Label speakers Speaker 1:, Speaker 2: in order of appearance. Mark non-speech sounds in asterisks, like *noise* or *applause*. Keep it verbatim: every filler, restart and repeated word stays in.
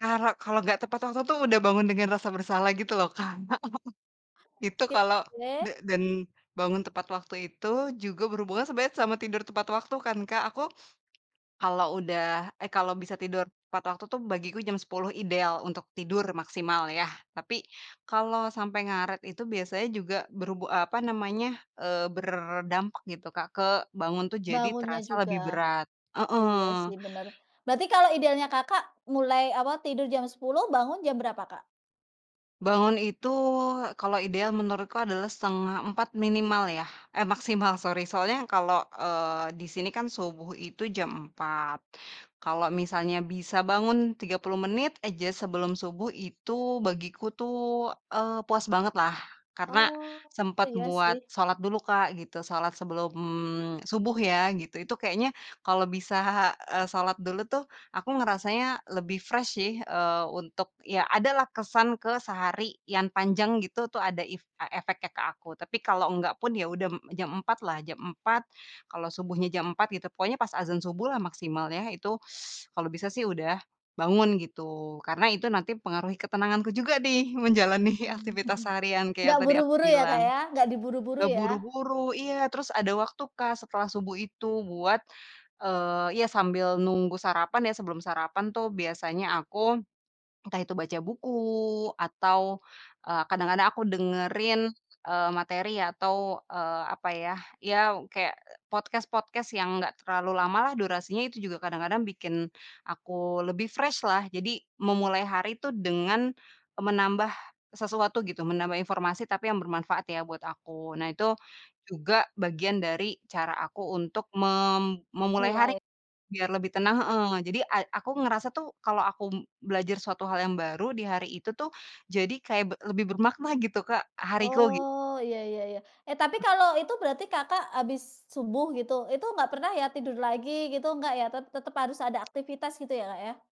Speaker 1: Karo kalo nggak tepat waktu tuh, udah bangun dengan rasa bersalah gitu loh, Kak. *chuckles* Itu
Speaker 2: Oke,
Speaker 1: kalau de
Speaker 2: boleh.
Speaker 1: den bangun tepat waktu itu juga berhubungan sebenarnya sama tidur tepat waktu kan, Kak. Aku kalau udah eh kalau bisa tidur tepat waktu tuh, bagiku jam sepuluh ideal untuk tidur maksimal ya, tapi kalau sampai ngaret itu biasanya juga berhubu apa namanya, eee, berdampak gitu, Kak, ke bangun tuh jadi
Speaker 2: Bangunnya
Speaker 1: terasa lebih
Speaker 2: juga.
Speaker 1: berat,
Speaker 2: Oh iya sih,
Speaker 1: heeh.
Speaker 2: bener. Berarti kalau idealnya Kakak, mulai awal tidur jam sepuluh, bangun jam berapa, Kak?
Speaker 1: Bangun itu kalau ideal menurutku adalah setengah empat minimal ya, eh maksimal sorry. Soalnya yang kalo, eee, di sini kan subuh itu jam empat. Kalo misalnya bisa bangun tiga puluh menit aja sebelum subuh itu bagiku tuh, eee, puas banget lah, karena
Speaker 2: Oh,
Speaker 1: sempet
Speaker 2: iya
Speaker 1: buat
Speaker 2: sih.
Speaker 1: sholat dulu, Kak, gitu. Sholat sebelum subuh ya, gitu, itu kayaknya kalau bisa, eee, sholat dulu tuh, aku ngerasanya lebih fresh sih, eee, untuk ya ada lah, kesan ke sehari yan panjang gitu tuh, ada if e efeknya ke aku. Tapi kalau nggak pun ya m udah jam empat lah, jam empat, kalau subuhnya jam empat gitu, pokoknya pas adzan subuh lah maksimal ya, itu kalau bisa sih udah bangun gitu, karena itu nanti pengaruhi ketenanganku juga dih menjalani
Speaker 2: Mmm.
Speaker 1: aktivitas seharian
Speaker 2: *chuckles*
Speaker 1: kayak
Speaker 2: Nggak
Speaker 1: yang tadi aku
Speaker 2: buru-buru ya,
Speaker 1: bilang.
Speaker 2: Kak, ya. Nggak diburu-buru ya?
Speaker 1: Terburu-buru, iya, terus ada waktu, Kak, setelah subuh itu buat, eee, ya sambil nunggu sarapan ya, sebelum sarapan tuh biasanya aku, entah itu baca buku atau, eee, kadang-kadang aku dengerin, eee, materi atau, eee, apa ya, ya kayak, eee, podcast-podcast yang enggak terlalu lama lah durasinya, itu juga kadang-kadang bikin aku lebih fresh lah. Jadi memulai hari tuh dengan e menambah sesuatu gitu, menambah informasi, tapi yang bermanfaat ya buat aku. Nah, itu juga bagian dari cara aku untuk mem memulai hari
Speaker 2: Mulai.
Speaker 1: biar lebih tenang heeh, jadi a aku ngerasa tuh kalau aku m belajar suatu hal yang baru di hari itu tuh, jadi kayak be lebih bermakna gitu, Kak, hariku, gi
Speaker 2: Oh, iya iya iya. Eh tapi
Speaker 1: He
Speaker 2: kalau itu berarti Kakak habis subuh gitu, itu enggak pernah ya, tidur lagi gitu, enggak ya, tet tetep harus ada aktivitas gitu ya, Kak, ya?